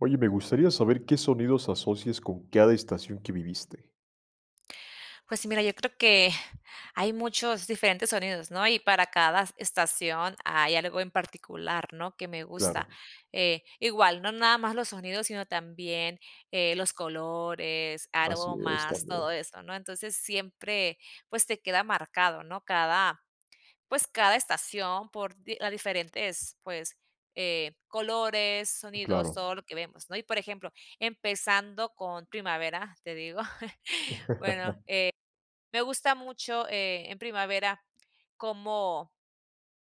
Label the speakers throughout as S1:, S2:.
S1: Oye, me gustaría saber, ¿qué sonidos asocias con cada estación que viviste?
S2: Pues sí, mira, yo creo que hay muchos diferentes sonidos, ¿no? Y para cada estación hay algo en particular, ¿no?, que me gusta,
S1: Claro.
S2: eh, igual, no nada más los sonidos, sino también, eh, los colores,
S1: Así es,
S2: aromas,
S1: también.
S2: todo eso, ¿no? Entonces, siempre, pues, te queda marcado, ¿no?, cada, pues, cada estación por di ah, diferentes, pues, eh, colores, sonidos,
S1: Claro.
S2: todo lo que vemos, ¿no? Y por ejemplo, empezando con primavera, te digo, bueno, eh, me gusta mucho, eh, en primavera cómo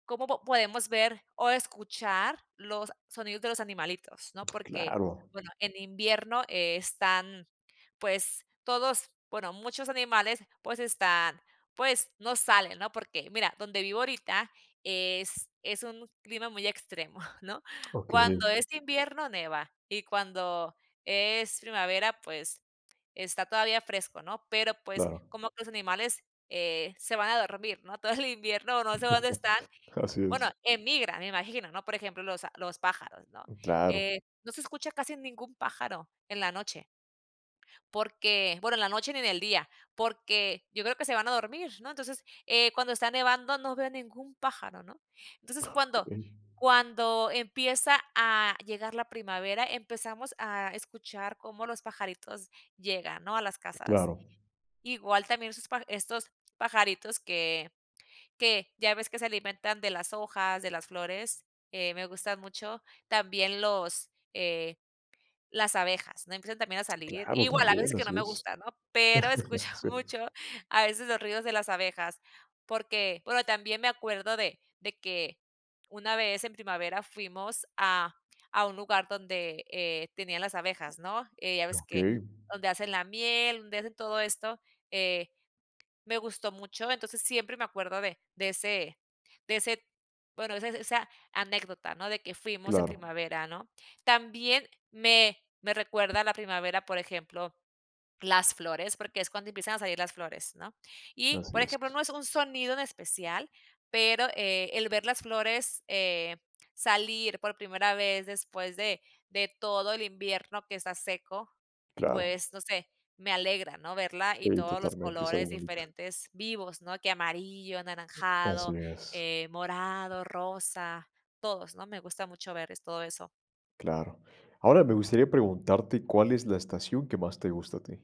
S2: cómo po podemos ver o escuchar los sonidos de los animalitos, ¿no? Porque,
S1: Claro.
S2: bueno, en invierno están, pues, todos bueno muchos animales, pues, están pues, no salen, ¿no? Porque mira, donde vivo ahorita, es es un clima muy extremo, ¿no?
S1: Okey.
S2: Cuando es invierno nieva y cuando es primavera, pues, está todavía fresco, ¿no? Pero, pues,
S1: Claro.
S2: como que los animales, eh, se van a dormir, ¿no?, todo el invierno no sé dónde están,
S1: Así
S2: bueno,
S1: es.
S2: emigran me imagino, ¿no? Por ejemplo, los a los pájaros, ¿no?,
S1: Mm, claro.
S2: eh, no se escucha casi ningún pájaro en la noche porque, bueno, en la noche ni en el día, porque yo creo que se van a dormir, ¿no? entonces, eh, cuando está nevando no veo ningún pájaro, ¿no? Entonces, cuando
S1: Okey.
S2: cuando empieza a llegar la primavera, empezamos a escuchar cómo los pajaritos llegan, ¿no?, a las casas.
S1: Claro.
S2: Igual también sus paja estos pajaritos que que ya ves que se alimentan de las hojas, de las flores, eh, me gustan mucho también los, eh, las abejas, ¿no?, empiezan también a salir
S1: Claro,
S2: Igual, hay veces
S1: también,
S2: que no
S1: así
S2: me
S1: es.
S2: gusta, ¿no? Pero escucho
S1: Sí.
S2: mucho a veces los ruidos de las abejas, porque Bueno, también me acuerdo de de que una vez en primavera fuimos a a un lugar donde, eh, tenían las abejas, ¿no?, eh, ya ves que
S1: Okey.
S2: donde hacen la miel, donde hacen todo esto, eh, me gustó mucho, entonces, siempre me acuerdo de de ese de ese bueno, de ese esa anécdota, ¿no?, de que fuimos en
S1: Claro.
S2: primavera, ¿no? También me me recuerda la primavera, por ejemplo, las flores, porque es cuando empiezan a salir las flores, ¿no? Y,
S1: Así
S2: por ejemplo,
S1: es.
S2: no es un sonido en especial, pero, eh, el ver las flores, eh, salir por primera vez después de de todo el invierno que está seco,
S1: Claro.
S2: pues, no sé, me alegra, ¿no?, verla, y
S1: Sí,
S2: todos los
S1: totalmente, es algo
S2: colores
S1: bonito.
S2: diferentes, vivos, ¿no?, que amarillo,
S1: Así
S2: anaranjado,
S1: es.
S2: eh, morado, rosa, todos, ¿no? Me gusta mucho ver es todo eso.
S1: Claro. Ahora, me gustaría preguntarte, ¿cuál es la estación que más te gusta a ti?